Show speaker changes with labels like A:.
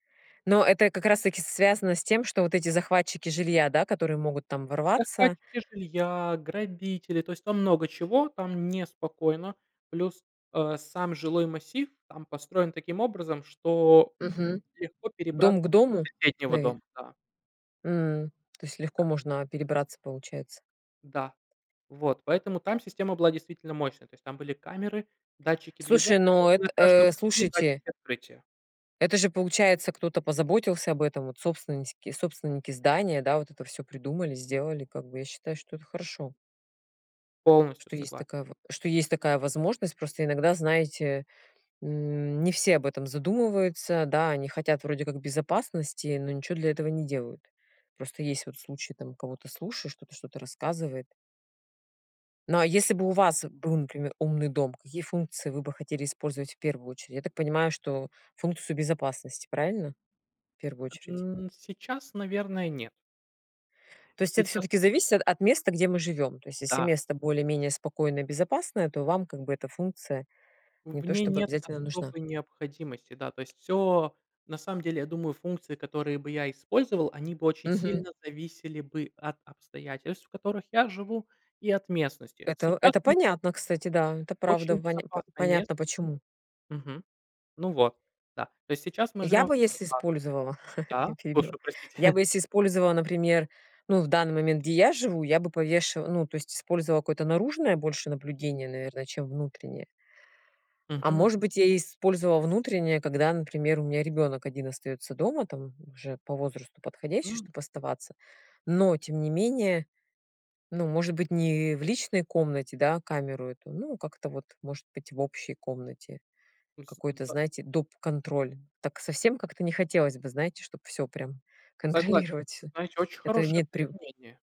A: Но это как раз таки связано с тем, что вот эти захватчики жилья, да, которые могут там ворваться.
B: Захватчики жилья, грабители, то есть там много чего, там неспокойно. Плюс, а, сам жилой массив там построен таким образом, что,
A: Мгм.
B: м, легко перебрат
A: Дом к дому
B: до соседнего
A: навер
B: дома, да.
A: М, то есть легко
B: Да.
A: можно, а, перебраться получается.
B: Да, вот, поэтому там система была действительно мощная. То есть там были камеры, датчики движения
A: Слушай, ну
B: и на
A: эт
B: каждом
A: э,
B: пути
A: слушайте.
B: датчики открытия.
A: Это же получается, кто-то позаботился об этом, вот собственныськи собственники здания, да, вот это всё придумали, сделали, как бы я считаю, что это хорошо.
B: Полностью
A: Что есть
B: согла
A: такая ва что есть такая возможность. Просто иногда, знаете, м, не все об этом задумываются. Да, они хотят вроде как безопасности, но ничего для этого не делают. Просто есть вот случай, там кого-то слушаешь, кто-то что-то рассказывает. Ну, а если бы у вас был, например, умный дом, какие функции вы бы хотели использовать в первую очередь? Я так понимаю, что функцию безопасности, правильно? В первую очередь.
B: Н сейчас, наверное, нет.
A: То есть это
B: Сейчас
A: всё-таки
B: и
A: зависит от места, где мы живём. То есть если
B: Да.
A: место более-менее спокойное и безопасное, то вам как бы эта функция не
B: В
A: то
B: ней
A: чтобы
B: нет
A: обязательно нужна.
B: особой необходимости. Да, то есть, всё, на самом деле, я думаю, функции, которые бы я использовал, они бы очень
A: Мгм.
B: сильно зависели бы от обстоятельств, в которых я живу, и от местности.
A: Это
B: Сейчас,
A: это
B: ну
A: понятно, кстати, да. Это, правда,
B: Очень
A: в поня по
B: безопасное мест
A: понятно почему.
B: Мгм. Ну вот, да, то есть сейчас мы
A: Я
B: живем в
A: бы если
B: безопасности.
A: использовала, я
B: Да,
A: перебила.
B: слушаю, простите.
A: Я бы если использовала, например, ну, в данный момент, где я живу, я бы повешива ну, то есть использовала какое-то наружное больше наблюдение, наверное, чем внутреннее. А
B: Мгм.
A: может быть я использовала внутреннее, когда, например, у меня ребенок один остаётся дома. Там уже по возрасту подходящий,
B: М.
A: чтоб оставаться. Но тем не менее, ну, может быть, не в личной комнате, да, камеру эту, ну, как-то вот, может быть, в общей комнате.
B: М, с
A: Какой-то,
B: да.
A: знаете, доп контроль. Так совсем как-то не хотелось бы, знаете, чтоб всё прям
B: Согласен,
A: контролировать всё.
B: знаете, очень
A: Это
B: хорошее
A: нет прив
B: применение.